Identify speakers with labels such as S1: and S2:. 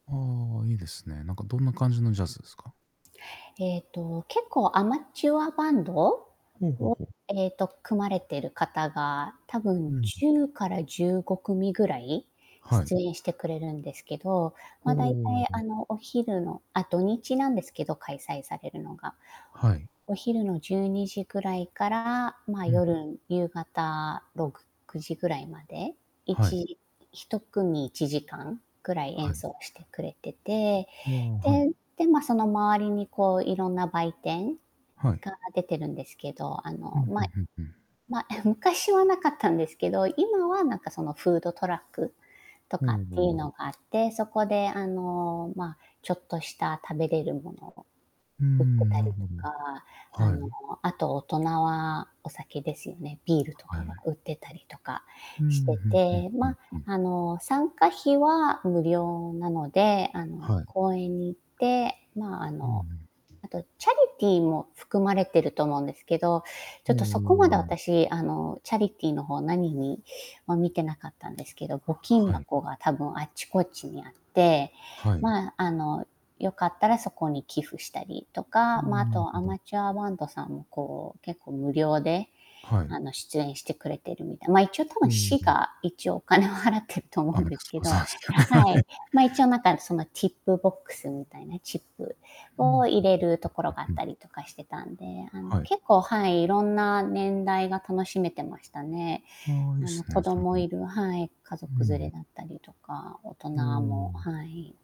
S1: ああ、いいですね。なんかどんな感じのジャズですか？
S2: えっと、結構アマチュアバンド
S1: ほうほう
S2: を、
S1: ほう。
S2: ええと、組まれてる方が多
S1: う
S2: 分
S1: ん。
S2: 10から15組ぐらい
S1: はい。
S2: 出演してくれるんですけど、
S1: ほ
S2: ま、だいたい、
S1: お。
S2: あの、お昼のあ、土日なんですけど、開催されるのが。
S1: はい。
S2: お昼の12時ぐらいから、まあ
S1: うん。
S2: 夜、夕方69時ぐらいまで、い
S1: はい。
S2: ち1組1時間ぐらい
S1: は
S2: 演
S1: い。
S2: 奏してくれてて、
S1: んあ、は
S2: で、
S1: い。
S2: でま、その周りにこう色んな売店
S1: はい。
S2: が出てるんですけど、あ
S1: ふ
S2: の、
S1: んふ
S2: ま、
S1: んふんふん。
S2: ま、え、昔はなかったんですけど、今はなんかそのフードトラックと
S1: おお
S2: かっていう
S1: おお。
S2: のがあって、そこであの、ま、ちょっとした食べれるものを
S1: うー
S2: 売って
S1: ん、
S2: た
S1: な
S2: りと
S1: るほど。
S2: か、あ
S1: は
S2: の、
S1: い。
S2: あと大人はお酒ですよね、ビールと
S1: は
S2: かが
S1: い。
S2: 売ってたりとか
S1: うーん、う
S2: して
S1: んうん
S2: て。
S1: うん
S2: ま、
S1: うん。
S2: あの、参加費は無料なので、あの、
S1: はい。
S2: 公園に行って、まあ、あ
S1: うんう
S2: の、
S1: ん。
S2: あとチャリティーも含まれてると思うんですけど、ちょ
S1: お
S2: っとそこまで
S1: お。
S2: 私、あの、チャリティーの方何には見てなかったんですけど、募金
S1: はい。
S2: 箱が多分あっちこっちにあって、
S1: はい。
S2: ま、あの、よかったらそこに寄付したりと
S1: うー
S2: か、まあ、
S1: ん、
S2: あ
S1: なる
S2: と
S1: ほ
S2: ア
S1: ど。
S2: マチュアバンドさんもこう結構無料で、
S1: はい。
S2: あの、出演してくれてるみたいな。ま、一応多
S1: う
S2: 分
S1: ん
S2: 市
S1: うん。
S2: が一応お金を払ってると
S1: [unintelligible]
S2: 思
S1: ど
S2: うん
S1: ね。
S2: ですけど
S1: は
S2: は
S1: い。
S2: い、ま、一応なんかそのティップボックスみたいな、チップ
S1: ふん。うんうんう
S2: を入
S1: ん
S2: れるところがあっ
S1: うんうん。
S2: たりとかしてたんで、あの、
S1: はい。
S2: 結構、はい、いろんな年代が楽しめてましたね。
S1: ああ、いいっ
S2: あの、
S1: すね、
S2: 子
S1: その。
S2: 供いるはい、家
S1: う
S2: 族連れ
S1: ん。
S2: だったりとか、大人
S1: おおお
S2: も、
S1: お。
S2: はい。